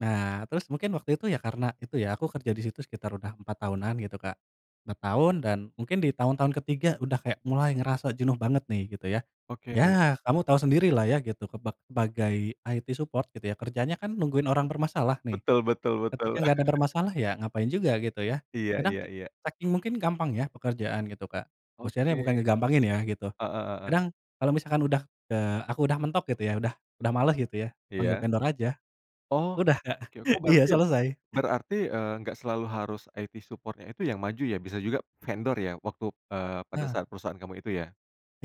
Nah terus mungkin waktu itu ya karena itu ya, aku kerja di situ sekitar udah 4 tahunan gitu, Kak. 4 tahun dan mungkin di tahun tahun ke-3 udah kayak mulai ngerasa jenuh banget nih gitu ya. Oke. Ya kamu tahu sendiri lah ya gitu keba sebagai IT support gitu ya, kerjanya kan nungguin orang bermasalah nih, Betul betul ketika betul. gak ada bermasalah ya ngapain juga gitu ya, Iya kadang iya iya. saking mungkin gampang ya pekerjaan gitu Kak, Oke. maksudnya bukan ngegampangin ya gitu, Heeh heeh. kadang kalau misalkan udah, eee, aku udah mentok gitu ya, udah udah malas gitu ya, panggil Iya. vendor aja. Oh Udah Kak, oke, oh iya berarti selesai. berarti, eee, nggak selalu harus IT support-nya itu yang maju ya, bisa juga vendor ya waktu, eee, pada Nah. saat perusahaan kamu itu ya?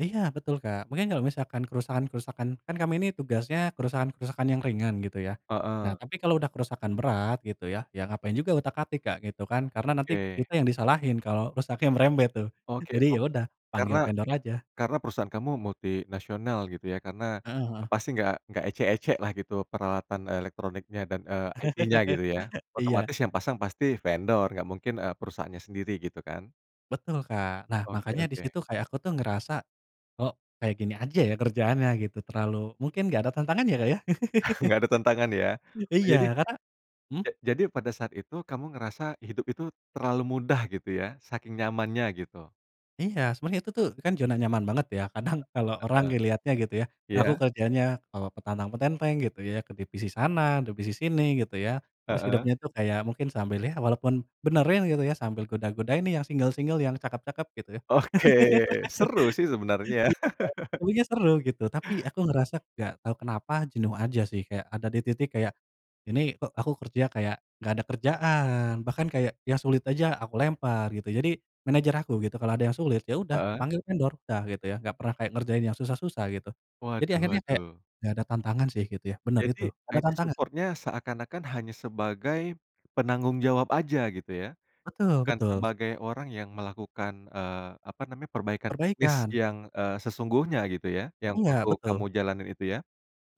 Iya betul Kak, mungkin kalau misalkan kerusakan-kerusakan kan kami ini tugasnya kerusakan-kerusakan yang ringan gitu ya. Nah Heeh. tapi kalau udah kerusakan berat gitu ya, ya ngapain juga utak-atik Kak, gitu kan. Karena nanti Oke. kita yang disalahin kalau rusaknya merembet tuh. Oke Jadi ya ob udah karena panggil vendor aja. karena perusahaan kamu multinasional gitu ya, karena Heeh heeh. pasti gak gak ecek-ecek lah gitu peralatan elektroniknya dan, eee, IT-nya gitu ya, Iya. otomatis yang pasang pasti vendor gak mungkin, eee, perusahaannya sendiri gitu kan? Betul, Kak. Nah, Oke makanya di oke situ kayak aku tuh ngerasa, kok kayak gini aja ya kerjaannya gitu, terlalu mungkin gak ada tantangan ya, Kak ya? Gak ada tantangan ya? Iya Jadi karena hmm. ja jadi pada saat itu kamu ngerasa hidup itu terlalu mudah gitu ya saking nyamannya gitu. Iya sebenernya itu tuh kan zona nyaman banget ya, kadang kalau orang Heeh. ngeliatnya gitu ya, aku Iya. kerjanya kalau petantang-petenteng gitu ya ke divisi sana, divisi sini gitu ya, terus Heeh. hidupnya tuh kayak mungkin sambil ya walaupun benerin gitu ya, sambil goda godain nih yang single-single, yang cakep-cakep gitu. Oke seru sih sebenarnya Iya, tapinya seru gitu. Tapi aku ngerasa gak tahu kenapa jenuh aja sih, kayak ada di titik kayak ini kok aku kerja kayak gak ada kerjaan, bahkan kayak yang sulit aja aku lempar gitu. Jadi manajer aku gitu kalau ada yang sulit, ya udah Heeh. panggil vendor, udah gitu ya gak pernah kayak ngerjain yang susah-susah gitu. Jadi Waduh akhirnya kayak waduh. gak ada tantangan sih gitu ya, bener itu, Jadi ga ada IT tantangan support-nya seakan-akan hanya sebagai penanggung jawab aja gitu ya? Betul Bukan betul s sebagai orang yang melakukan, eee, apa namanya perbaikan teknis Perbaikan. yang, eee, sesungguhnya gitu ya yang Enggak, waktu kamu betul. jalanin itu ya.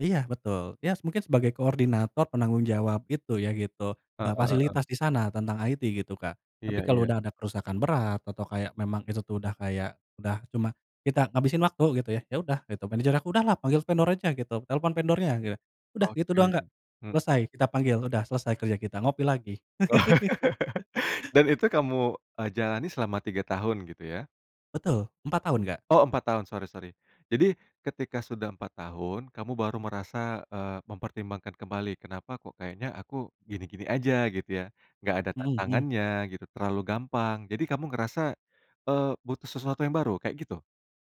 Iya betul, ya s mungkin sebagai koordinator penanggung jawab gitu ya gitu, Heeh eee, heeh. fasilitas di sana tentang IT gitu, Kak. Tapi Iya kalau iya. udah ada kerusakan berat, atau kayak memang itu tuh udah kayak, udah, cuma kita ngabisin waktu gitu ya. Ya udah gitu manajer aku, "Udahlah panggil vendor aja," gitu, "telepon vendornya," gitu. Udah gitu doang Kak, Oke hmm. selesai kita panggil, udah selesai kerja kita ngopi lagi. Dan itu kamu, eee, jalani selama 3 tahun gitu ya? Betul, 4 tahun, Kak. Oh 4 tahun sorry sorry. Jadi ketika sudah 4 tahun, kamu baru merasa, eee, mempertimbangkan kembali kenapa kok kayaknya aku gini-gini aja gitu ya? Nggak ada Mhm mhm. tantangannya gitu terlalu gampang jadi kamu ngerasa, eee, butuh sesuatu yang baru kayak gitu?